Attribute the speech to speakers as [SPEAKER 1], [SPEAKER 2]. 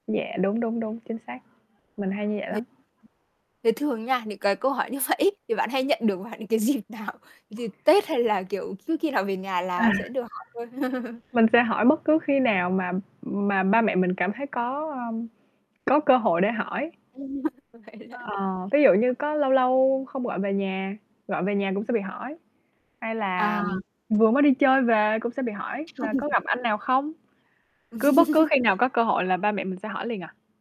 [SPEAKER 1] Dạ. Đúng, đúng, đúng, chính xác. Mình hay như vậy
[SPEAKER 2] Thì
[SPEAKER 1] lắm.
[SPEAKER 2] thế thường nha, những cái câu hỏi như vậy ấy, thì bạn hay nhận được vào những cái dịp nào? Dịp Tết hay là, kiểu, cứ khi nào về nhà
[SPEAKER 1] À!
[SPEAKER 2] là sẽ được hỏi thôi?
[SPEAKER 1] Mình sẽ hỏi bất cứ khi nào mà mà ba mẹ mình cảm thấy có, à, có cơ hội để hỏi.
[SPEAKER 2] Ừm. Vậy hả?
[SPEAKER 1] Ờ, ví dụ như có lâu lâu không gọi về nhà, gọi về nhà cũng sẽ bị hỏi. Hay là
[SPEAKER 2] À!
[SPEAKER 1] vừa mới đi chơi về cũng sẽ bị hỏi là
[SPEAKER 2] Không.
[SPEAKER 1] có gặp anh nào không? Cứ bất cứ khi nào có cơ hội là ba mẹ mình sẽ hỏi liền à.